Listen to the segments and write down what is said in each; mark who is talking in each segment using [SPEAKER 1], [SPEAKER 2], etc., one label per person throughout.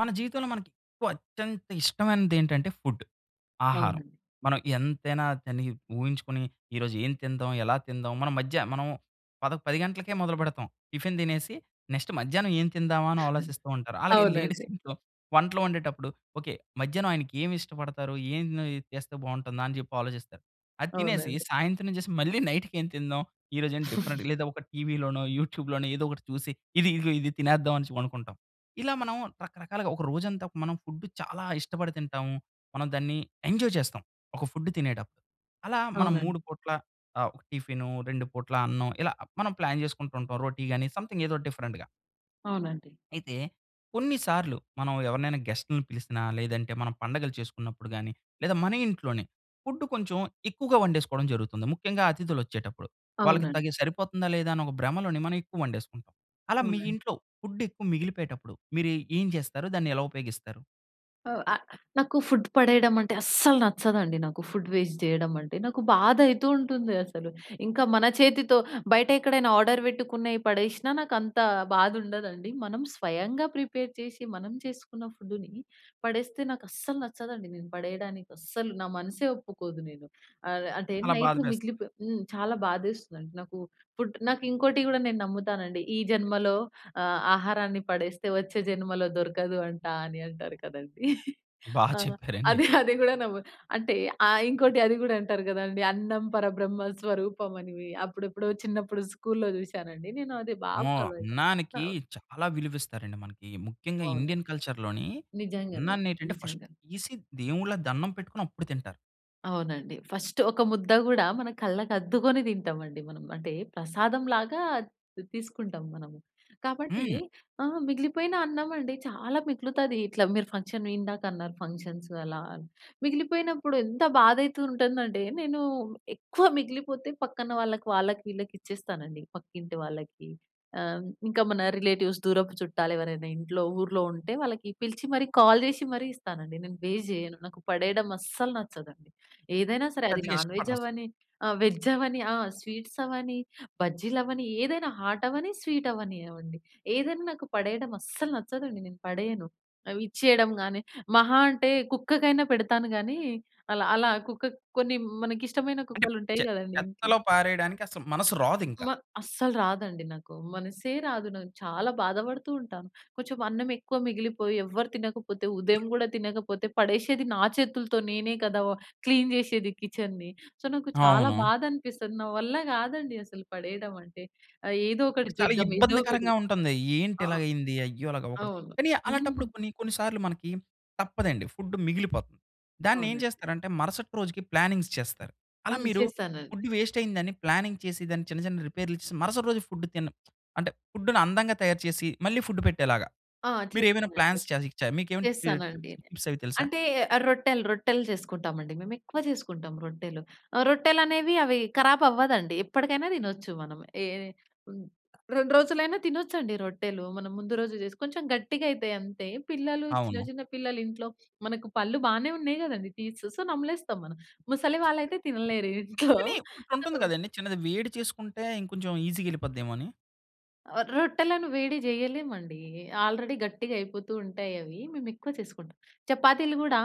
[SPEAKER 1] మన జీవితంలో మనకెక్కువ అత్యంత ఇష్టమైనది ఏంటంటే, ఫుడ్. ఆహారం.
[SPEAKER 2] అవునండి.
[SPEAKER 1] మనం ఎంతైనా తిని ఊహించుకుని, ఈ రోజు ఏం తిందాం, ఎలా తిందాం మన మధ్య మనం పద 10 గంటలకే మొదలుపెడతాం. టిఫిన్ తినేసి నెక్స్ట్ మధ్యాహ్నం ఏం తిందామా అని ఆలోచిస్తూ ఉంటారు. అలాగే లేడీస్
[SPEAKER 2] అవునండి.
[SPEAKER 1] ఇంట్లో వంటలు వండేటప్పుడు, ఓకే. మధ్యాహ్నం ఆయనకి ఏమి ఇష్టపడతారు, ఏం ఉన్నాయి చేస్తే బావుంటుందా అని చెప్పి ఆలోచిస్తారు. అది తినేసి,
[SPEAKER 2] అవునండి.
[SPEAKER 1] సాయంత్రం చేసి మళ్ళీ నైట్‌కేం తిందాం, ఈరోజు ఏం డిఫరెంట్ లేదా ఒక టీవీలోనో, యూట్యూబ్‌లోనో ఏదో ఒకటి చూసి, ఇది ఇదిగో ఇది తినేద్దాం అనేసి అనుకుంటాం. ఇలా మనం రకరకాలుగా ఒక రోజంతా ఫుడ్ చాలా ఇష్టపడి తింటాము. మనం దాన్ని ఎంజాయ్ చేస్తాం. ఒక ఫుడ్డు తినేటప్పుడు. అలా మనం
[SPEAKER 2] అవునండి.
[SPEAKER 1] 3 పూట్ల ఆహ్, ఒక టిఫిను, 2 పూట్ల అన్నం ఇలా మనం ప్లాన్ చేసుకుంటూ ఉంటాం. రోటి గాని, సమ్‌థింగ్ ఏదో ఒక డిఫరెంట్‌గా.
[SPEAKER 2] అవునండి.
[SPEAKER 1] అయితే కొన్నిసార్లు మనం ఎవరినైనా గెస్ట్‌లని పిలిసినా, లేదంటే మనం పండగలు చేసుకున్నప్పుడు గాని, లేదా మన ఇంట్లోనే ఫుడ్డు కొంచెం ఎక్కువగా వండేసుకోవడం జరుగుతుంది. ముఖ్యంగా అతిథులొచ్చేటప్పుడు. వాళ్ళకి
[SPEAKER 2] అవునండి.
[SPEAKER 1] తగి సరిపోతుందా, లేదా అనే ఒక భ్రమలోనే మనం ఎక్కువ వండేసుకుంటాం. అలా మీ
[SPEAKER 2] అవునండి.
[SPEAKER 1] ఇంట్లో ఫుడెక్కువ మిగిలిపోయేటప్పుడు, మీరు ఏ ఏం చేస్తారు? దాన్ని ఎలా ఉపయోగిస్తారు?
[SPEAKER 2] ఆ! ఆహ్, నాకు ఫుడ్ పడేయడం అంటే అస్సలు నచ్చదండి. నాకు ఫుడ్ వేస్ట్ జేయడం అంటే. నాకు బాధయితూ ఉంటుంది. అసలు. ఇంకా మన చేతితో బయటెక్కడైనా ఆర్డర్ వెట్టుకున్నయి పడేసినా నాకంత బాధుండదండి. మనం స్వయంగా ప్రిపేర్ చేసి మనం చేసుకున్న ఫుడ్డుని పడేస్తే నాకస్సలు నచ్చదండి. నేను పడేయడానికి అస్సలు నా మనస్సే ఒప్పుకోదు నేను. ఆహ్, అంటే
[SPEAKER 1] అలా బాధ
[SPEAKER 2] నైటు
[SPEAKER 1] వేస్తది.
[SPEAKER 2] మిగిలిపో హ్మ్, చాలా బాధేస్తదండి. నాకు ఫుడ్ నాకింకోటి కూడా నేను నమ్ముతానండి. ఈ జన్మలో ఆహ్, ఆహారాన్ని పడేస్తే వచ్చే జన్మలో దొరకదు అంటా అని అంటారు కదండీ.
[SPEAKER 1] బా
[SPEAKER 2] ఆహ్,
[SPEAKER 1] చెప్పారండి.
[SPEAKER 2] అది అది కూడా నమ్ము అంటే ఆహ్, ఇంకోటి అది కూడా అంటారు కదండీ, "అన్నం పరబ్రహ్మ స్వరూపం" అని. అప్పుడెప్పుడో చిన్నప్పుడు స్కూలులో చూసానండి. నేను అది బాగా
[SPEAKER 1] అమ్మో!
[SPEAKER 2] ఫాలో అయితా.
[SPEAKER 1] అన్నానికి
[SPEAKER 2] కావ్
[SPEAKER 1] చాలా విలువిస్తారండి మనకి. ముఖ్యంగా
[SPEAKER 2] అవునండి.
[SPEAKER 1] ఇండియన్ కల్చర్‌లోని
[SPEAKER 2] నిజంగానే.
[SPEAKER 1] అన్నాన్నేంటంటే ఫస్ట్
[SPEAKER 2] నిజంగా.
[SPEAKER 1] తీసి దేవుళ్ళకు దన్నం పెట్టుకొని అప్పుడు తింటారు.
[SPEAKER 2] అవునండి. ఫస్టు ఒక ముద్ద కూడా మన కళ్ళకు అద్దుకొని తింటాం అండి మనం. అంటే ప్రసాదంలాగా తీ తీసుకుంటాం మనము. కాబట్టి
[SPEAKER 1] హ్మ్.
[SPEAKER 2] ఆహ్, మిగిలిపోయిన అన్నం అండి, చాలా మిగులుతాది. ఇట్లా మీరు ఫంక్షన్ ఇందాక అన్నారు, ఫంక్షన్సు అలా అని. మిగిలిపోయినప్పుడు ఎంత బాధయితూ ఉంటుందంటే నేను ఎక్కువ మిగిలిపోతే పక్కన వాళ్ళకి, వాళ్ళకి, ఈళ్ళకి ఇచ్చేస్తానండి. పక్కింటి వాళ్ళకి ఆహ్, ఇంకా మన రిలేటివ్స్, దూరపు చుట్టాలెవరైనా ఇంట్లో, ఊర్లో ఉంటే వాళ్ళకి పిలిచి మరి కాల్ జేసి మరి ఇస్తానండి. నేను వేస్ట్ జేయను. నాకు పడేయడం అస్సలు నచ్చదండి. ఏదైనా సరే అది
[SPEAKER 1] పెద్దగా
[SPEAKER 2] నాన్ వెజ్
[SPEAKER 1] ఇష్టపడరసలు.
[SPEAKER 2] అవ్వని, ఆహ్, వెజ్ అవ్వని, ఆహ్, స్వీట్సవ్వని, బజ్జీలవని, ఏదైనా హాటవ్వని, స్వీటవ్వనివ్వండి, ఏదైనా నాకు పడేయడం అస్సలు నచ్చదండి. నేను పడేయను. అవి ఇచ్చేయడం గానీ మహా అంటే కుక్కకైనా పెడతాను గానీ అలా అలా కుక్కక్ కొన్ని మనకిష్టమైన
[SPEAKER 1] అంటే
[SPEAKER 2] కుక్కలుంటాయి
[SPEAKER 1] చె
[SPEAKER 2] గదండీ ఇంట్లో.
[SPEAKER 1] చెత్తలో పారేయడానికి అసలు మనస్సు రాదింకా.
[SPEAKER 2] మ అస్సలు రాదండి నాకు. మనస్సే రాదు. నాకు చాలా బాధపడుతూ ఉంటాను. కొంచెం అన్నం ఎక్కువ మిగిలిపోయి ఎవరు తినకపోతే, ఉదయం గూడా తినకపోతే పడేషేది నా చేతులతో నేనే కదా! వ క్లీన్ జేసేది కిచెన్‌ని. సో, నాకు చాలా
[SPEAKER 1] అవును.
[SPEAKER 2] బాధనిపిస్తది. నా వల్ల గాదండి అసలు పడేయడం అంటే. ఆహ్, ఏదో ఒకటి
[SPEAKER 1] చాలా
[SPEAKER 2] చేద్దాం? ఏదో ఒకటి?
[SPEAKER 1] ఇబ్బందికరంగా ఉంటుంది. ఏంటి
[SPEAKER 2] ఆహ్,
[SPEAKER 1] ఇలాగయ్యింది. అయ్యో! అలాగవ్వకూడదు.
[SPEAKER 2] అవును.
[SPEAKER 1] కానీ,
[SPEAKER 2] హ్మ్.
[SPEAKER 1] అలాంటప్పుడు కొన్ని కొన్ని సార్లు మనకి తప్పదండి, ఫుడ్డు మిగిలిపోతుంది. దాన్నేం
[SPEAKER 2] అవునండి.
[SPEAKER 1] చేస్తారంటే మరుసటి రోజుకి ప్లానింగ్స్ చేస్తారు. అలా
[SPEAKER 2] హ్మ్.
[SPEAKER 1] మీరు
[SPEAKER 2] చేస్తానండి.
[SPEAKER 1] ఫుడ్ వేస్టయిందని ప్లానింగ్ చేసి దాన్ని చిన్న చిన్న రిపేర్లు ఇచ్చేసి మరుసటి రోజు ఫుడ్డు తిన అంటే ఫుడ్డుని అందంగా తయారు చేసి మళ్ళీ ఫుడ్డు పెట్టేలాగా.
[SPEAKER 2] ఆ
[SPEAKER 1] మీరేమైనా
[SPEAKER 2] చేస్తానండి.
[SPEAKER 1] ప్లాన్స్ చేయకచ్చా మీకేమైనా టి టిప్స్,
[SPEAKER 2] చేస్తానండి.
[SPEAKER 1] ట్రిక్సవి తెలుసా?
[SPEAKER 2] అంటే రొట్టెలు, రొట్టెలు చేసుకుంటాం అండి మేము. ఎక్కువ చేసుకుంటాం రొట్టెలు. ఆహ్, రొట్టెలనేవి అవి కరాబ్ అవ్వదండి. ఎప్పటికైనా తినొచ్చు. మనం ఎ హ్మ్ 2 రోజులైనా తినొచ్చండి రొట్టెలు. మనం ముందు రోజు జేసుకు కొంచెం గట్టిగయితయి అంతే. పిల్లలు, చిన్న
[SPEAKER 1] అవును.
[SPEAKER 2] చిన్న పిల్లలు ఇంట్లో మనకు పళ్ళు బానే ఉన్నాయి గదండీ టీత్సు. సో, నమలేస్తాం మనం. ముసలి వాళ్ళయితే తినలేరు ఇంట్లో.
[SPEAKER 1] కానీ
[SPEAKER 2] సో
[SPEAKER 1] ఒకటుంటుంది కదండీ. చిన్నది వేడి చేసుకుంటే ఇంకొంచెం ఈజీగా ఎళ్ళిపోద్దేమో అని.
[SPEAKER 2] ఆ! రొట్టెలను వేడి చేయలేమండి. ఆల్రెడీ గట్టిగా అయిపోతూ ఉంటాయవి. మేమెక్కువ చేసుకుంటాం. చపాతీలు కూడా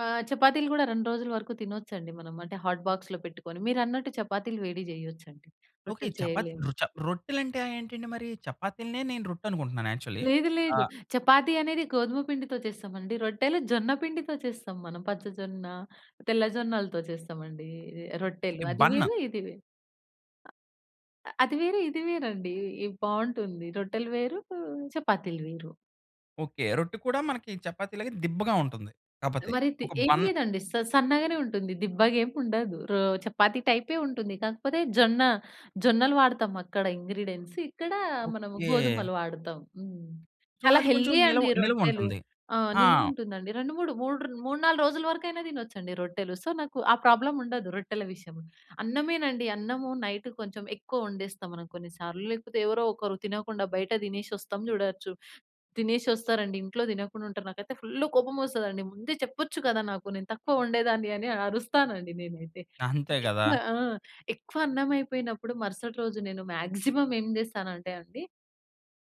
[SPEAKER 2] ఆహ్, చపాతీలు కూడా 2 రోజుల వరకు తినొచ్చండి. మనం అంటే, హాట్ బాక్స్‌లో పెట్టుకొని. మీరన్నట్టు చపాతీలు వేడి చేయొచ్చండి.
[SPEAKER 1] ఓకే.
[SPEAKER 2] రొట్టెలు
[SPEAKER 1] చపాతీ
[SPEAKER 2] చేయలేము.
[SPEAKER 1] రొ చ రొట్టెలంటేంటండి మరి? చపాతీలనే నేను రొట్టనుకుంటున్నాను యాక్చువలి.
[SPEAKER 2] లేదు,
[SPEAKER 1] ఆ
[SPEAKER 2] లేదు. చపాతీ అనేది గోధుమ పిండితో చేస్తామండి. రొట్టెలు జొన్న పిండితో చేస్తాం మనం. పచ్చ జొన్న, తెల్ల జొన్నలతో చేస్తామండి. ఇది రొట్టెలు
[SPEAKER 1] ఓకే
[SPEAKER 2] అది
[SPEAKER 1] బన్ను.
[SPEAKER 2] వేరు, ఇది వేరు. అ అ అది వేరు, ఇది వేరండి. ఇది బాగుంటుంది. రొట్టెలు వేరు, ఆహ్, చపాతీలు వేరు.
[SPEAKER 1] ఓకే. రొట్టె కూడా మనకి చపాతీలాగ దిబ్బగా ఉంటుంది. కాపోతే
[SPEAKER 2] మరి తి
[SPEAKER 1] ఒక
[SPEAKER 2] ఏమి
[SPEAKER 1] బన్.
[SPEAKER 2] లేదండి. స సన్నగానే ఉంటుంది. దిబ్బగా ఏముండదు. రొ చపాతీ టైపే ఉంటుంది. కాకపోతే జొన్న జొన్నలు వాడతాం అక్కడ ఇంగ్రీడియెంట్స్. ఇక్కడ మనము
[SPEAKER 1] ఓకే.
[SPEAKER 2] గోధుమలు వాడతాం. హ్మ్.
[SPEAKER 1] సో,
[SPEAKER 2] చాలా
[SPEAKER 1] అది కొంచెం
[SPEAKER 2] హెల్తీ
[SPEAKER 1] నిలవ
[SPEAKER 2] అండి రొట్టెలు.
[SPEAKER 1] నిల్వుంటుంది.
[SPEAKER 2] ఆ!
[SPEAKER 1] ఆ!
[SPEAKER 2] నిలువ ఉంటుందండి. 2, 3, 3 ర్ న్ 3, 4 రోజుల వరకైనా తినొచ్చండి రొట్టెలు. సో, నాకు ఆ ప్రాబ్లముండదు రొట్టెల విషయంలో. అన్నమేనండి. అన్నము నైటు కొంచెం ఎక్కువ వండేస్తాం మనం కొన్ని సార్లు. లేకపోతే, ఎవరో ఒకరు తినకుండా బయట తినేసొస్తం చూడచ్చు. తినేసి వస్తారండి, ఇంట్లో తినకుండా ఉంటారు. నాకైతే ఫుల్లు కోపమొస్తదండి. ముందే చెప్పొచ్చు కదా! నాకు నేను తక్కువ వండేదాన్ని, అని అరుస్తానండి నేనైతే.
[SPEAKER 1] అంతే కదా!
[SPEAKER 2] ఎక్కువ ఆ! ఎక్కువ అన్నమైయిపోయినప్పుడు మరుసటి రోజు నేను మాక్సిమమ్ ఏం చేస్తానంటే అండి,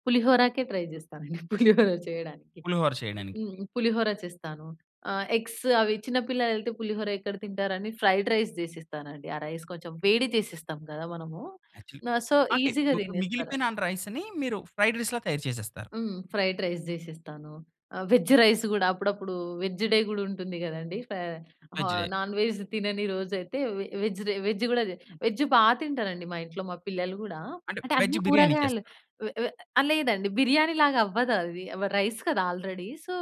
[SPEAKER 2] పులిహోరాకే ట్రై చేస్తానండి. పులిహోర చేయడానికి.
[SPEAKER 1] పులిహోర చేయడానికి.
[SPEAKER 2] హ్మ్, పులిహోర చేస్తాను. ఆహ్, ఎగ్స్ అవి చిన్న పిల్లలైతే పులిహోర ఎక్కడ తింటారని ఫ్రైడ్ రైస్ చేసేస్తానండి. ఆ రైస్ కొంచెం వేడి చేసిస్తాం కదా! మనము.
[SPEAKER 1] యాక్చువల్లీ
[SPEAKER 2] ఆహ్, సో,
[SPEAKER 1] అంటే,
[SPEAKER 2] ఈజీగా
[SPEAKER 1] ఇప్పుడు
[SPEAKER 2] తినేస్తార
[SPEAKER 1] మిగిలిపోయిన అన్ రైస్‌ని మీరు ఫ్రైడ్ రైస్‌లా తయారు చేసేస్తారు.
[SPEAKER 2] హ్మ్. ఫ్రైడ్ రైస్ చేసిస్తాను. ఆహ్, వెజ్జు రైసు కూడా అప్పుడప్పుడు వెజ్ డే కూడా ఉంటుంది కదండీ. ఫ
[SPEAKER 1] వెజ్
[SPEAKER 2] ఆహ్,
[SPEAKER 1] డే.
[SPEAKER 2] నాన్ వెజ్ తినని రోజైయితే వె వెజ్ డే, వెజ్ కూడా జే వెజ్జు బాగా తింటానండి మా ఇంట్లో. మా పిల్లలు కూడా.
[SPEAKER 1] అంటే,
[SPEAKER 2] అంటే అన్ని
[SPEAKER 1] వెజ్జు బిర్యానీ
[SPEAKER 2] కూరగాయలు.
[SPEAKER 1] చేస్తారు.
[SPEAKER 2] వె వె లేదండి, బిర్యానీలాగా అవ్వదది. వ రైస్ కదా! ఆల్రెడీ. సో,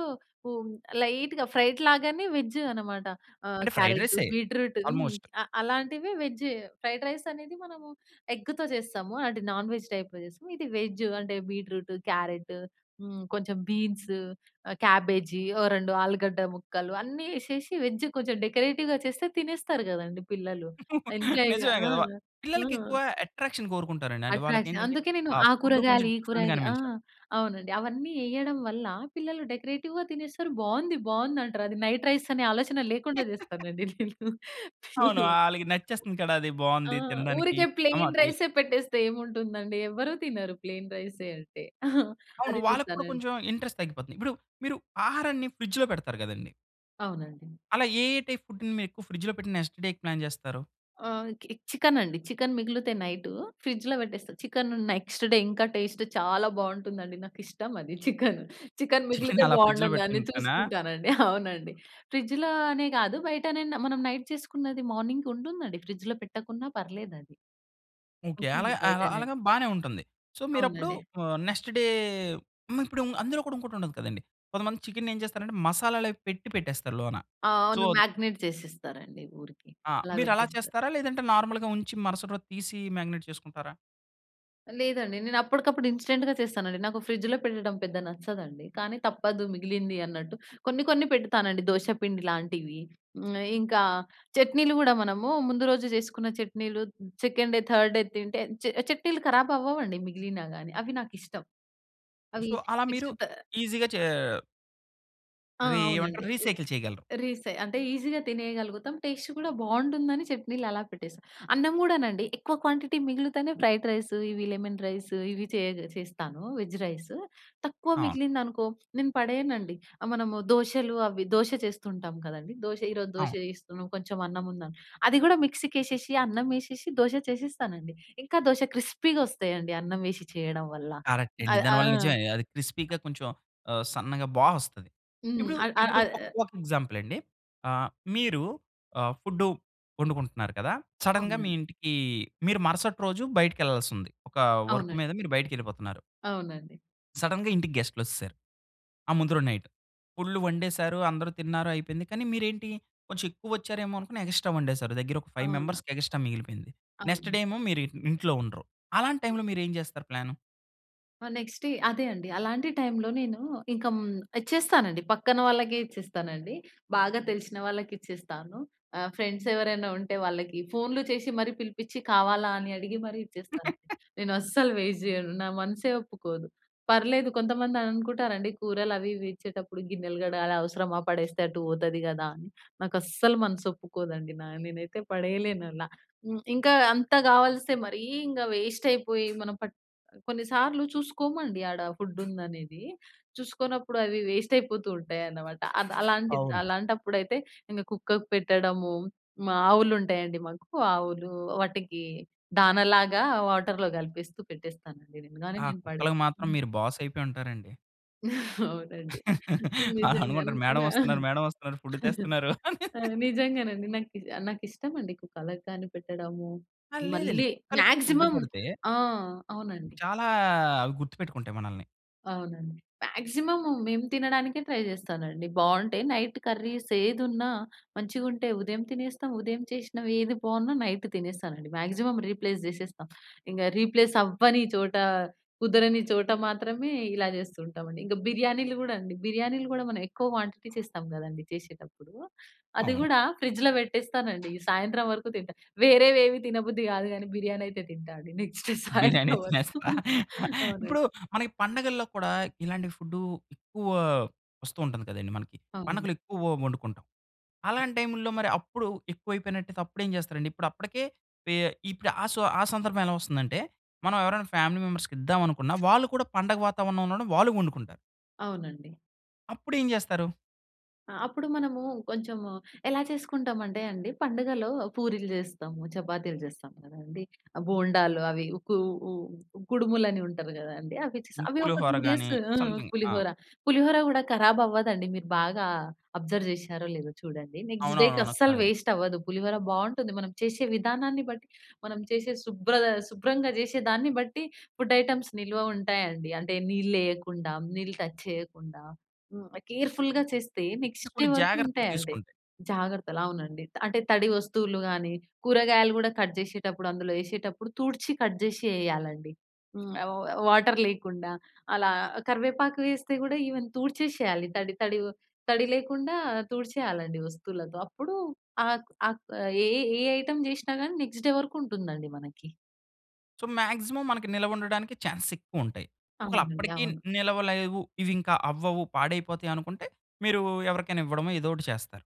[SPEAKER 2] హ్మ్, లైట్‌గా ఫ్రైడ్ లాగానే వెజ్జు అన్నమాట. ఆహ్,
[SPEAKER 1] అంటే, ఫ్రైడ్
[SPEAKER 2] క్యారటు,
[SPEAKER 1] రైసే!
[SPEAKER 2] బీట్రూటు హ్మ్.
[SPEAKER 1] ఆల్‌మోస్ట్.
[SPEAKER 2] అ అలాంటివే వెజ్, ఫ్రైడ్ రైసనేది మనము ఎగ్గుతో చేస్తాము. అలాంటి నాన్ వెజ్ టైప్‌లో చేస్తాం. ఇది వెజ్ అంటే బీట్రూటు, క్యారెటు, హ్మ్, కొంచెం బీన్స్, ఆహ్, క్యాబేజీ, ఓ 2 ఆలుగడ్డ ముక్కలు అన్నీ ఏసేసి, వెజ్ కొంచెం డెకరేటివ్‌గా చేస్తే తినేస్తారు కదండీ! పిల్లలు ఎంజాయ్‌గా.
[SPEAKER 1] నిజమే
[SPEAKER 2] ఆ!
[SPEAKER 1] కదా! వ
[SPEAKER 2] ఆ!
[SPEAKER 1] పిల్లలకెక్కువ అట్రాక్షన్ కోరుకుంటారండి. అంటే
[SPEAKER 2] అట్రాక్షన్.
[SPEAKER 1] వాళ్ళకేంటంటే,
[SPEAKER 2] అందుకే నేను
[SPEAKER 1] ఆ
[SPEAKER 2] ఆ
[SPEAKER 1] ఫుడ్డు కొంచెం
[SPEAKER 2] కూరగాయలు, ఈ
[SPEAKER 1] డిఫరెంట్‌గా
[SPEAKER 2] కూరగాయలు ఆ!
[SPEAKER 1] అనిపించాలి.
[SPEAKER 2] అవునండి అవన్నీ ఏయ్యడం వల్ల, పిల్లలు డెకరేటివ్‌గా తినేస్తారు. బావుంది, బావుందంటారు. అది నైట్ రైసనే ఆలోచన లేకుండా చేస్తానండి నేను
[SPEAKER 1] అవును.
[SPEAKER 2] పిల్లలకి.
[SPEAKER 1] ఆళ్ళకి నచ్చేస్తుంది కూడా అది
[SPEAKER 2] ఆ!
[SPEAKER 1] బాగుంది తినడానికి.
[SPEAKER 2] ఊరికే
[SPEAKER 1] అమ్మ
[SPEAKER 2] ప్లెయిన్
[SPEAKER 1] టి
[SPEAKER 2] రైసే పెట్టేస్తే ఏముంటుందండి. ఎవరు తినరు ప్లెయిన్ రైసే అంటే.
[SPEAKER 1] అవును.
[SPEAKER 2] అది
[SPEAKER 1] వాళ్ళకి కూడా
[SPEAKER 2] చేస్తానం
[SPEAKER 1] కొంచెం ఇంట్రెస్ట్ తగ్గిపోతుంది. ఇప్పుడు మీరు, ఆహారాన్ని ఫ్రిడ్జ్‌లో పెడతారు కదండీ!
[SPEAKER 2] అవునండి.
[SPEAKER 1] అలా ఏ ఏ టైప్ ఫుడ్‌ని మీరు ఫ్రిడ్జ్‌లో పెట్టి నెక్స్ట్‌ డే‌కి ప్లాన్ చేస్తారు?
[SPEAKER 2] ఆహ్, కి చికెనండి. చికెన్ మిగులితే నైటు ఫ్రిడ్జ్‌లో పెట్టేస్తా చికెను నెక్స్‌ట్ డే ఇంకా టేస్ట్ చాలా బావుంటుందండి. నాకు ఇష్టం అది చికెను. చికెన్
[SPEAKER 1] చికెన్
[SPEAKER 2] మిగిలితే
[SPEAKER 1] అలా ఫ్రిడ్జ్‌లో
[SPEAKER 2] బావుంటుందని
[SPEAKER 1] పెట్టుకుంటెనా?
[SPEAKER 2] చూసుకుంటానండి. అవునండి. ఫ్రిడ్జులో అనే గాదు బయటననా మనం నైట్ చేసుకున్నది మార్నింగుంటుందండి ఫ్రిడ్జ్‌లో పెట్టకున్నా పర్లేదది.
[SPEAKER 1] ఓకే
[SPEAKER 2] ఉంటుంది
[SPEAKER 1] అలాగా,
[SPEAKER 2] బయటనే.
[SPEAKER 1] అలాగా బానే ఉంటుంది. సో మీరు అప్పుడు
[SPEAKER 2] అవునండి.
[SPEAKER 1] ఆహ్, నెక్స్‌ట్ డే మరి ఇప్పుడు అందులో కూడా ఇంకొకటి ఉండదు కదండీ! కొంతమంది చికెన్ ఏం చేస్తారంటే, మసాలాలు అవి పెట్టి పెట్టేస్తారు లోన.
[SPEAKER 2] ఆ!
[SPEAKER 1] సో
[SPEAKER 2] అవును మాగ్నేట్ చేసిస్తారండి ఊరికే.
[SPEAKER 1] ఆ!
[SPEAKER 2] అలా
[SPEAKER 1] మీరు అలా
[SPEAKER 2] పెట్టేస్తారు.
[SPEAKER 1] చేస్తారా? లేదంటే నార్మల్‌గా ఉంచి మరుసటి రోజు తీసి మాగ్నెట్ చేసుకుంటారా?
[SPEAKER 2] లేదండి. నేను అప్పటికప్పుడు ఇన్‌స్టెంట్‌గా చేస్తానండి. నాకు ఫ్రిడ్జ్‌లో పెట్టడం పెద్దగా నచ్చదండి. కానీ తప్పదు మిగిలింది అన్నట్టు కొన్ని కొన్ని పెడతానండి దోస పిండి లాంటివి. హ్మ్, ఇంకా చట్నీలు గూడా మనము ముందు రోజు జేసుకున్న చట్నీలు సెకండ్ డే, థర్డ్ డే తింటే చ చట్నీలు ఖరాబవ్వవండి మిగిలినా గానీ. అవి నాకిష్టం. అవి
[SPEAKER 1] సో, అలా మీరు
[SPEAKER 2] నెక్ట్ తా
[SPEAKER 1] ఈజీ‌గా చే
[SPEAKER 2] ఆహ్ ఆ!
[SPEAKER 1] రీ
[SPEAKER 2] అవునండి.
[SPEAKER 1] ఏమంటారు
[SPEAKER 2] రి
[SPEAKER 1] రీసైకిల్ చేయగలరు.
[SPEAKER 2] రీసే అంటే ఈజీగా తినేయగలుగుతాం టేస్ట్ కూడా బావుంటుందని చట్నీలు అలా పెట్టేస్తాం. అన్నం కూడానండి ఎక్కువ క్వాంటిటీ మిగిలుతేనే ఫ్రైడ్ రైసు ఇవి లెమన్ రైసు ఇవి చేయగ చేస్తాను. Veg rice. తక్కువ
[SPEAKER 1] అవును.
[SPEAKER 2] మిగిలిందనుకో నేను పడేయనండి. ఆహ్, మనము దోషలు అవి దోష చేస్తుంటాం కదండీ! దోష ఈ రోజు దోష
[SPEAKER 1] అవును.
[SPEAKER 2] వేస్తున్నాం కొంచెం అన్నం ఉందని అది కూడా మిక్సీకేసేసి అన్నం ఎసేసి దోష చేసేస్తానండి. ఇంకా దోష క్రిస్పీగా వస్తాయండి అన్నం వేషి చేయడం వల్ల.
[SPEAKER 1] కరెక్ట్ అండి.
[SPEAKER 2] అయ్ ఆ!
[SPEAKER 1] దానివల్ల నిజమే అది క్రిస్పీగా కొంచెం ఆహ్, సన్నగా బా వస్తది.
[SPEAKER 2] హ్మ్.
[SPEAKER 1] ఇప్పుడు,
[SPEAKER 2] అ అ
[SPEAKER 1] ఇప్పుడు
[SPEAKER 2] ఆహ్
[SPEAKER 1] ఒక,
[SPEAKER 2] య
[SPEAKER 1] ఒక ఎగ్జాంపుల్ అండి. ఆహ్, మీరు ఆహ్, ఫుడ్డు వండుకుంటున్నారు కదా! సడెన్‌గా మీ
[SPEAKER 2] అవునండి.
[SPEAKER 1] ఇంటికి మీరు మరుసటి రోజు బయటికెళ్ళాల్సి ఉంది. ఒక వర్క్
[SPEAKER 2] అవునండి.
[SPEAKER 1] మీద మీరు బయటికెళ్ళిపోతున్నారు.
[SPEAKER 2] అవునండి.
[SPEAKER 1] సడెన్‌గా ఇంటికి గెస్ట్‌లొచ్చేసారు. ఆ ముందు రోజు నైట్. ఫుల్లు వండేసారు. అందరూ తిన్నారు, అయిపోయింది. కానీ మీరేంటి, కొంచెం ఎక్కువ వచ్చారేమో అనుకుని ఎక్స్‌ట్రా వండేసారు. దగ్గర ఒక ఫైవ్
[SPEAKER 2] అవును.
[SPEAKER 1] మెంబర్స్‌కి ఎగస్ట్రా మిగిలిపోయింది. నెక్స్ట్
[SPEAKER 2] అవును.
[SPEAKER 1] డే ఏమో మీరిం ఇంట్లో ఉండరు. అలాంటి టైంలో మీరేం చేస్తారు ప్లాను?
[SPEAKER 2] ఆ! నెక్స్ట్ డే అదే అండి. అలాంటి టైంలో నేను ఇంక హ్మ్, ఇచ్చేస్తానండి. పక్కన వాళ్ళకే ఇచ్చేస్తానండి. బాగా తెలిసిన వాళ్ళకిచ్చేస్తాను. ఆహ్, ఫ్రెండ్స్ ఎవరైనా ఉంటే వాళ్ళకి ఫోన్లు చేసి మరి పిలిపించి కావాలా అని అడిగి మరి ఇచ్చేస్తానంది. నేనస్సలు వేస్ట్ చేయను. నా మనసే ఒప్పుకోదు. పర్లేదు, కొంతమంది అనుకుంటారండి. కూరలవి, ఇవి ఇచ్చేటప్పుడు గిన్నెలు కడగాలి, అవసరమా, పడేస్తే అటు పోతది కదా అని. నాకస్సలు మనస్సు ఒప్పుకోదండి. నా నేనైతే పడేయలేనలా. హ్మ్, ఇంకా అంత కావలిస్తే మరి ఇంకా వేస్ట్ అయిపోయి మనం పట్ కొన్ని సార్లు చూసుకోమండి ఆడ ఫుడ్డుందనేది. చూసుకోనప్పుడు అవి వేస్ట్ అయిపోతూ ఉంటాయన్నమాట. అద్ అలాంటి
[SPEAKER 1] అవును.
[SPEAKER 2] అలాంటప్పుడైతే ఇంక కుక్కకు పెట్టడము. మా ఆవులు ఉంటాయండి, మాకు ఆవులు. వాటికి దానలాగా వాటర్‌లో కలిపేస్తూ పెట్టేస్తానండి. కానీ
[SPEAKER 1] ఆ
[SPEAKER 2] నేను
[SPEAKER 1] కుక్కలకు మాత్రం
[SPEAKER 2] పడేను.
[SPEAKER 1] మీరు బాసైయిపోయి ఉంటారండి.
[SPEAKER 2] అవునండి.
[SPEAKER 1] అలా
[SPEAKER 2] నిజంగా,
[SPEAKER 1] అనుకుంటారు. మేడం
[SPEAKER 2] నా
[SPEAKER 1] ఒస్తున్నారు, మేడం ఒస్తున్నారు. ఫుడ్డు తెస్తున్నారు అని.
[SPEAKER 2] ఆ! నిజంగానండి. నాకీ ఆహ్, నాకు ఇష్టమండి కలకానీ పెట్టడము.
[SPEAKER 1] ఆ! లేదండి
[SPEAKER 2] మళ్ళీ
[SPEAKER 1] కుక్కలకి ఫుడ్డు
[SPEAKER 2] మాక్సిమం
[SPEAKER 1] పెడితే
[SPEAKER 2] ఆ! అవునండి.
[SPEAKER 1] చాలా అవి గుర్తుపెట్టుకుంటాయి మనల్ని.
[SPEAKER 2] అవునండి. మాక్సిమం మేము తినడానికే ట్రై చేస్తానండి. బావుంటే నైట్ కర్రీసేదున్నా మంచిగుంటే, ఉదయం తినేస్తాం. ఉదయం చేసినవి ఏది బావున్నా నైటు తినేస్తానండి. మాక్సిమం రీప్లేస్ చేసేస్త. ఇంక రీప్లేస్ అవ్వని చోట, కుదరని చోట మాత్రమే ఇలా చేస్తూ ఉంటామండి. ఇంక బిర్యానీలు కూడా అండి. బిర్యానీలు కూడా మనం ఎక్కువ క్వాంటిటీ చేస్తాం కదండీ! చేసేటప్పుడు. అది
[SPEAKER 1] అవును.
[SPEAKER 2] కూడా ఫ్రిడ్జ్‌లో పెట్టేస్తానండి. సాయంత్రం వరకు తింటా. వేరేవేవి తినబుద్ధి కాదు గానీ, బిర్యానీ అయితే తింటా అండి నెక్స్ట్
[SPEAKER 1] బిర్యానీ
[SPEAKER 2] సాయంత్రం వరకు.
[SPEAKER 1] తినేస్తా.
[SPEAKER 2] అవునండి.
[SPEAKER 1] ఇప్పుడు మనకి పండగల్లో కూడా, ఇలాంటి ఫుడ్డు ఎక్కువ వస్తూ ఉంటుంది కదండీ! మనకి.
[SPEAKER 2] అవును.
[SPEAKER 1] పండగలెక్కువ వండుకుంటాం. అలాంటి టైముల్లో మరి అప్పుడు ఎక్కువైపోయినట్టయితే అప్పుడేం చేస్తారండి? ఇప్పుడు అప్పటికే పె ఇప్పుడు ఆ సు ఆ సందర్భం ఎలా వస్తుందంటే, మనం ఎవరైనా ఫ్యామిలీ మెంబర్స్‌కి ఇద్దామనుకున్న, వాళ్ళు కూడా పండగ వాతావరణం ఉండడం వాళ్ళు వండుకుంటారు.
[SPEAKER 2] అవునండి.
[SPEAKER 1] అప్పుడేం జేస్తారు?
[SPEAKER 2] ఆ! అప్పుడు మనము కొంచెం ఎలా చేసుకుంటామంటే అండి, పండుగలో పూరీలు జేస్తాము. చపాతీలు జేస్తాం కదండి. బోండాలు, అవి ఊకు ఊ కుడుములు అని ఉంటది గదండీ, అవి చేసాం.
[SPEAKER 1] హ్మ్.
[SPEAKER 2] అవి ఒక 2
[SPEAKER 1] పులిహోర గాని
[SPEAKER 2] డేసు ఆ!
[SPEAKER 1] సమ్‌థింగ్. ఆ.
[SPEAKER 2] పులిహోర. పులిహోర గూడా కరాబ్ అవ్వదండి. మీరు బాగా అబ్జర్వ్ జేసారో లేదో చూడండి. నెక్స్ట్ డేకి
[SPEAKER 1] అవునవునవును.
[SPEAKER 2] అస్సలు
[SPEAKER 1] [unintelligible]
[SPEAKER 2] వేస్ట్ అవ్వదు. పులిహోర బావుంటుంది. మనం చేసే విధానాన్ని బట్టి. మనం చేసే శుభ్రత శుభ్రంగా జేసే దాన్ని బట్టి ఫుడ్ ఐటెమ్స్ నిల్వ ఉంటాయండి. అంటే నీళ్లేయకుండా, నీళ్ళు టచ్ చేయకుండా, హ్మ్, కేర్‌ఫుల్‌గా చేస్తే
[SPEAKER 1] అంటే
[SPEAKER 2] నెక్స్ట్ డే
[SPEAKER 1] కొన్ని
[SPEAKER 2] వరకు
[SPEAKER 1] జాగ్రత్తలు
[SPEAKER 2] ఉంటాయండి.
[SPEAKER 1] తీసుకుంటే.
[SPEAKER 2] జాగ్రత్తలు అవునండి. త అంటే తడి వస్తువులు గానీ, కూరగాయలు గూడా కట్ జేసేటప్పుడు, అందులో ఏసేటప్పుడు తుడ్చి కట్ జేసి ఏయాలండి. హ్మ్, ఆహ్, వ వాటర్ లేకుండా అలా కరివేపాకు వేస్తే గూడా ఈవెన్ తుడ్చేసేయాలి, తడి తడివొ తడి లేకుండా తుడిచేయాలండి వస్తువులతో. అప్పుడు ఆ ఆ క ఏ ఏ ఐటెమ్ జేసినా గానీ నెక్స్ట్ డే వరకు ఉంటుందండి మనకి.
[SPEAKER 1] సో, మాక్సిమమ్ మనకి నిల్వ ఉండడానికి ఛాన్సెస్ ఎక్కువ ఉంటాయి. ఒకవేళ
[SPEAKER 2] అవునండి.
[SPEAKER 1] అప్పటికి న్
[SPEAKER 2] అవును.
[SPEAKER 1] నిలవలేవు, ఇవి ఇంకా అవ్వవు, పాడైపోతాయి అనుకుంటే మీరు ఎవరికైనా ఇవ్వడమో ఏదోకటి చేస్తారు.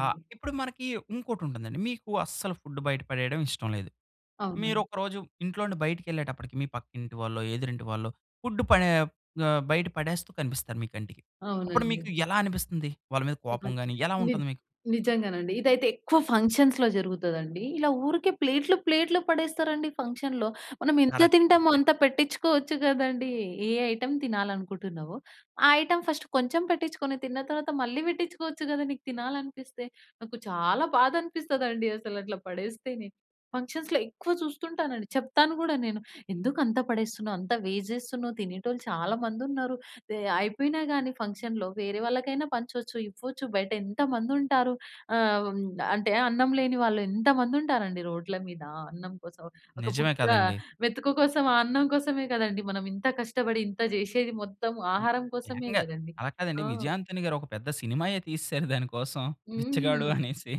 [SPEAKER 1] ఆహ్, ఇప్పుడు మనకి ఇంకోటుంటుందండి. మీకు అస్సలు ఫుడ్ బయట పడేయడం ఇష్టం లేదు.
[SPEAKER 2] అవునండి.
[SPEAKER 1] మీరొకరోజు ఇంట్లో నుండి బయటికెళ్ళేటప్పటికి మీ పక్కింటి వాళ్ళో, ఎదురింటి వాళ్ళో ఫుడ్ పడే ఆహ్, బయట పడేస్తూ కనిపిస్తారు మీ కంటికి. అప్పుడు మీకు
[SPEAKER 2] అవునండి.
[SPEAKER 1] ఎలా అనిపిస్తుంది? వాళ్ళ మీద
[SPEAKER 2] ఈ
[SPEAKER 1] కోపం
[SPEAKER 2] మధ్య
[SPEAKER 1] గాని, ఎలా
[SPEAKER 2] నిజ
[SPEAKER 1] ఉంటుంది మీకు?
[SPEAKER 2] నిజంగానండి, ఇదైతే ఎక్కువ ఫంక్షన్స్‌లో జరుగుతదండి. ఇలా ఊరికే ప్లేట్లు ప్లేట్లు పడేస్తారండి ఫంక్షన్‌లో. మనం ఎంత
[SPEAKER 1] కరెక్టండి.
[SPEAKER 2] తింటామో
[SPEAKER 1] కరెక్ట్.
[SPEAKER 2] అంత పెట్టించుకోవచ్చు గదండీ. ఏ ఐటెమ్ తినాలి అనుకుంటున్నావో ఆ ఐటెమ్ ఫస్ట్ కొంచెం పెట్టించుకొని తిన్న తరువాత మళ్ళీ పెట్టించుకోవచ్చు గదా! నీకు తినాలనిపిస్తే. నాకు చాలా బాధనిపిస్తదండి అసలు అట్లా పడేస్తేనే. ఫంక్షన్స్‌లో ఎక్కువ చూస్తుంటానండి. చెప్తాను గూడా నేను. "ఎందుకంత పడేస్తున్నావు? అంత వేస్ట్ జేస్తున్నవు. తినేటోళ్ళు చాలా మందున్నరు. ది అయిపోయినా గాని ఫంక్షన్‌లో వేరే వాళ్ళకైనా పంచొచ్చు, ఇవ్వొచ్చు. బయటేంత మందుంటారు". ఆహ్, హ్మ్, అంటే అన్నం లేని వాళ్ళు ఎంత మందుంటారండి రోడ్ల మీద అన్నం కోసం. ఒక
[SPEAKER 1] నిజమే
[SPEAKER 2] బుక్క
[SPEAKER 1] కదండీ!
[SPEAKER 2] మేతుకు కోసం. ఆ అన్నం కోసమే కదండీ! మనం ఇంత కష్టపడి ఇంత జేసేది. మొత్తం
[SPEAKER 1] హ్మ్.
[SPEAKER 2] ఆహారం కోసమే
[SPEAKER 1] ఏకంగా
[SPEAKER 2] గదండీ.
[SPEAKER 1] అలా కాదండి
[SPEAKER 2] ఆ!
[SPEAKER 1] విజయ్ ఆంథోనీ గారు ఒక పెద్ద సినిమాయే తీసేసారు దాని కోసం
[SPEAKER 2] హ్మ్.
[SPEAKER 1] 'బిచ్చగాడు' అనేసి.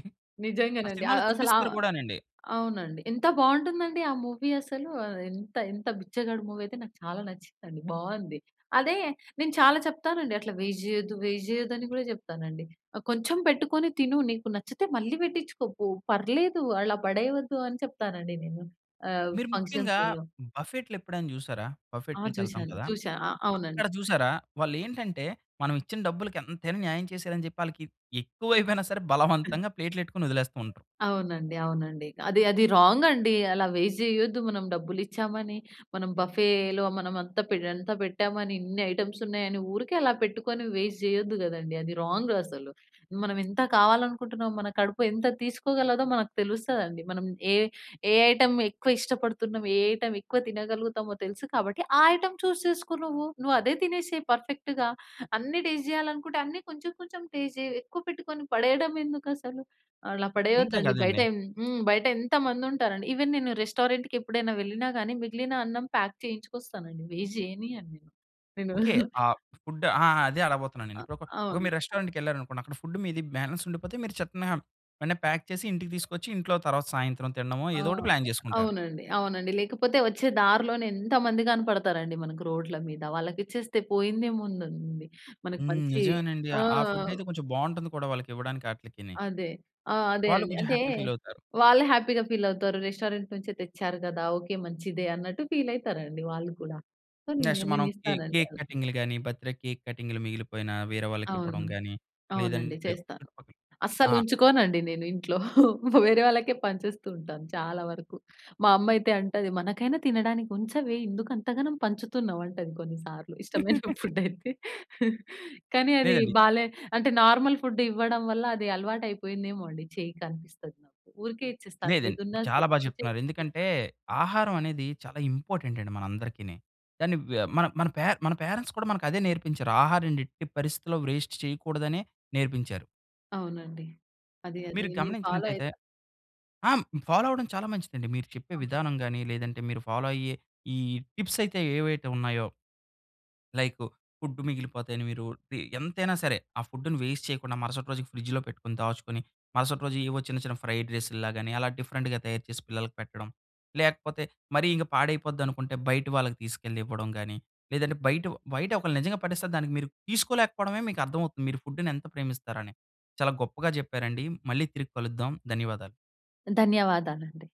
[SPEAKER 1] ఆ
[SPEAKER 2] నిజంగానండి.
[SPEAKER 1] సినిమాలో
[SPEAKER 2] ఆహ్, అసల
[SPEAKER 1] చూపిస్తారు
[SPEAKER 2] ఆహ్,
[SPEAKER 1] గూడానండి.
[SPEAKER 2] అవునండి. ఎంత బావుంటుందండి ఆ మూవీ అసలు. ఆహ్, ఎంత ఎంత 'బిచ్చగాడు' మూవీ అయితే నాకు చాలా నచ్చిందండి, బావుంది. అదే నేను చాలా చెప్తానండి. అట్లా వేస్ట్ జెయ్యొద్దు, వేస్ట్ జెయ్యదు అని కూడా చెప్తానండి. ఆహ్, "కొంచెం పెట్టుకొని తిను, నీకు నచ్చితే మళ్ళీ పెట్టించుకో పో పర్లేదు, అలా పడేయవద్దు" అని చెప్తానండి నేను ఆహ్,
[SPEAKER 1] మీరు ముఖ్యంగా
[SPEAKER 2] ఫంక్షన్స్‌లలో.
[SPEAKER 1] బఫెట్లెప్పుడైనా జూసారా?
[SPEAKER 2] ఆ!
[SPEAKER 1] బఫెట్‌లకి ఎళ్తాం
[SPEAKER 2] చూసాను
[SPEAKER 1] కదా!
[SPEAKER 2] చూసా. ఆ! అవునండి.
[SPEAKER 1] అక్కడ జూసారా? వాళ్లేంటంటే మనం ఇచ్చిన డబ్బులకి ఎంతైనా న్యాయం చేశారని చెప్పి ఆళ్ళకి ఎక్కువైపోయినా సరే బలవంతంగా ప్లేట్‌లో ఎట్టుకొని వదిలేస్తూంటారు.
[SPEAKER 2] అవునండి. అవునండి. అది, అది రాంగండి. అలా వేస్ట్ జేయొద్దు. మనం డబ్బులిచ్చామని, మనం బఫెలో మనం అంత పె ఎంత పెట్టామని, ఇన్ని ఐటెమ్స్ ఉన్నాయని ఊరికే అలా పెట్టుకొని వేస్ట్ జేయొద్దు గదండీ! అది రాంగ్ అసలు. మనం ఎంత కావాలనుకుంటున్నాం, మన కడుపు ఎంత తీసుకోగలదో మనకు తెలుస్తదండి. మనం ఏ ఏ ఐటెమ్ ఎక్కువ ఇష్టపడుతున్నాం, ఏ ఐటెమ్ ఎక్కువ తినగలుగుతామో తెలుసు కాబట్టి ఆ ఐటెమ్ చూస్ చేసుకో నువ్వు. నువ్వదే తినేసేయి పర్ఫెక్ట్‌గా. అన్ని టెస్ట్ జేయాలి అనుకుంటే అన్ని కొంచెం కొంచెం టెస్ట్ జెయి. ఎక్కువ పెట్టుకొని పడేయడం ఎందుకసలు. అలా పడేయద్దు
[SPEAKER 1] అంతే
[SPEAKER 2] అండి.
[SPEAKER 1] గదండీ.
[SPEAKER 2] బయటెం హ్మ్, బయటెంత మందుంటారండి. ఈవెన్ నేను రెస్టారెంట్‌కి ఎప్పుడైనా వెళ్ళినా గాని మిగిలిన అన్నం పాక్ చేయించుకొస్తానుండి. వేస్ట్ జేయనియను నేను. నేను.
[SPEAKER 1] ఓకే. ఆ ఫుడ్ ఆ! ఆ! అదే అడగబోతున్న నేను.
[SPEAKER 2] ఆహ్,
[SPEAKER 1] ఇప్పుడు ఒక ఒక
[SPEAKER 2] అవును.
[SPEAKER 1] మీరు రెస్టారెంట్‌కి వెళ్ళారనుకోండి, అక్కడ ఫుడ్ మీది బాలన్స్ ఉండిపోతే మీరు చక్కున వెంటనే ప్యాక్ చేసి ఇంటికి తీసుకొచ్చి, ఇంట్లో తర్వాత సాయంత్రం తినడమో ఏదోకటి
[SPEAKER 2] ఆహ్,
[SPEAKER 1] ప్లాన్ జేసుకుంటారు.
[SPEAKER 2] అవునండి. అవునండి. లేకపోతే వచ్చే దారిలోనే ఎంతమంది గనపడతారండి మనకు రోడ్ల మీద వాళ్ళకిచ్చేస్తే పోయిందేముందండి మనకి
[SPEAKER 1] హ్మ్.
[SPEAKER 2] మంచి
[SPEAKER 1] నిజమేనండి.
[SPEAKER 2] ఆ!
[SPEAKER 1] ఆ ఫుడైయితే కొంచెం బావుంటుంది కూడా వాళ్ళకి ఇవ్వడానికి అట్లీకిని.
[SPEAKER 2] అదే. ఆహ్, అదే
[SPEAKER 1] వాళ్ళు
[SPEAKER 2] అండి.
[SPEAKER 1] కొంచెం
[SPEAKER 2] అంటే
[SPEAKER 1] హ్యాపీ ఫీలవుతారు.
[SPEAKER 2] వాళ్లు హ్యాపీగా ఫీలవతారు. రెస్టారెంట్ నుంచే తెచ్చారు గదా! ఓకే, మంచిదే అన్నట్టు ఫీలయితారండి వాళ్ళు కూడా. సో,
[SPEAKER 1] నెక్స్ట్
[SPEAKER 2] నేని
[SPEAKER 1] మనం కే
[SPEAKER 2] నేనిస్తానండి
[SPEAKER 1] కేక్
[SPEAKER 2] అలా.
[SPEAKER 1] కటింగులు గాని, బర్త్ డే కేక్ కటింగులు మిగిలిపోయినా వేరే వాళ్ళకి ఇవ్వడం
[SPEAKER 2] అవును.
[SPEAKER 1] గాని
[SPEAKER 2] అవునండి
[SPEAKER 1] లేదంటే
[SPEAKER 2] చేస్తా.
[SPEAKER 1] చుట్టుపక్కల ఆ!
[SPEAKER 2] అస్సలుంచుకోనండి నేను ఇంట్లో. వేరే వాళ్ళకే పంచేస్తూ ఉంటాను చాలా వరకు. మా అమ్మయితే అంటది, "మనకైనా తినడానికి ఉంచవే, ఎందుకు అంత గనం పంచుతున్నావు?" అంటది కొన్నిసార్లు ఇష్టమైన ఫుడయితే. కానీ, అది
[SPEAKER 1] లేదండి.
[SPEAKER 2] బాలే అంటే నార్మల్ ఫుడ్ ఇవ్వడం వల్ల అది అలవాటు అయిపోయిందేమో అండి. చేయి కనిపిస్తది. ఊరికే ఇచ్చేస్తాను.
[SPEAKER 1] లేదండి
[SPEAKER 2] ఏదున్నా
[SPEAKER 1] చాలా
[SPEAKER 2] సరే!
[SPEAKER 1] బా
[SPEAKER 2] తీసేసి
[SPEAKER 1] చెప్తున్నారు. ఎందుకంటే
[SPEAKER 2] ఇచ్చేస్తాను.
[SPEAKER 1] ఆహారం అనేది చాలా ఇంపార్టెంట్ అండి మన అందరికిని. కాని వే మన మన పే మన పేరెంట్స్ కూడా మనకు అదే నేర్పించారు. ఆహారాన్ని ఎట్టి పరిస్థితిలో వేస్ట్ చేయకూడదనే నేర్పించారు.
[SPEAKER 2] అవునండి. అది అది
[SPEAKER 1] మీరు
[SPEAKER 2] నేను ఫాలో
[SPEAKER 1] గమనించినటైతే
[SPEAKER 2] అయితా.
[SPEAKER 1] ఆ! హ్మ్, ఫాలో అవ్వడం చాలా మంచిదండి. మీరు చెప్పే
[SPEAKER 2] అవును.
[SPEAKER 1] విధానం గాని, లేదంటే మీరు ఫాలో అయ్యే ఈ టిప్సయితే ఏవైతే ఉన్నాయో... లైకు ఫుడ్ మిగిలిపోతే అని మీరు టి ఎంతైనా సరే! ఆ ఫుడ్‌ని వేస్ట్ చేయకుండా మరుసటి రోజుకి ఫ్రిడ్జ్‌లో పెట్టుకొని, దాచుకొని మరుసటి రోజు ఏవో చిన్న చిన్న ఫ్రైడ్ రైసులాగని అలా డిఫరెంట్‌గా తయారు చేసి పిల్లలకి పెట్టడం. లేకపోతే మరీ ఇంక పాడైపోద్ది అనుకుంటే బయట వాళ్ళకి తీసుకెళ్లి ఇవ్వడం గాని, లేదంటే బయటొ బయటొకళ్ళు నిజంగా పడేస్తే దానికి మీరు తీసుకోలేకపోవడమే మీకర్థమవుతుంది. మీరు ఫుడ్‌ని ఎంత ప్రేమిస్తారు అని చాలా గొప్పగా జెప్పారండి. మళ్ళీ తిరిగి కలుద్దాం. ధన్యవాదాలు.
[SPEAKER 2] ధన్యవాదాలండీ.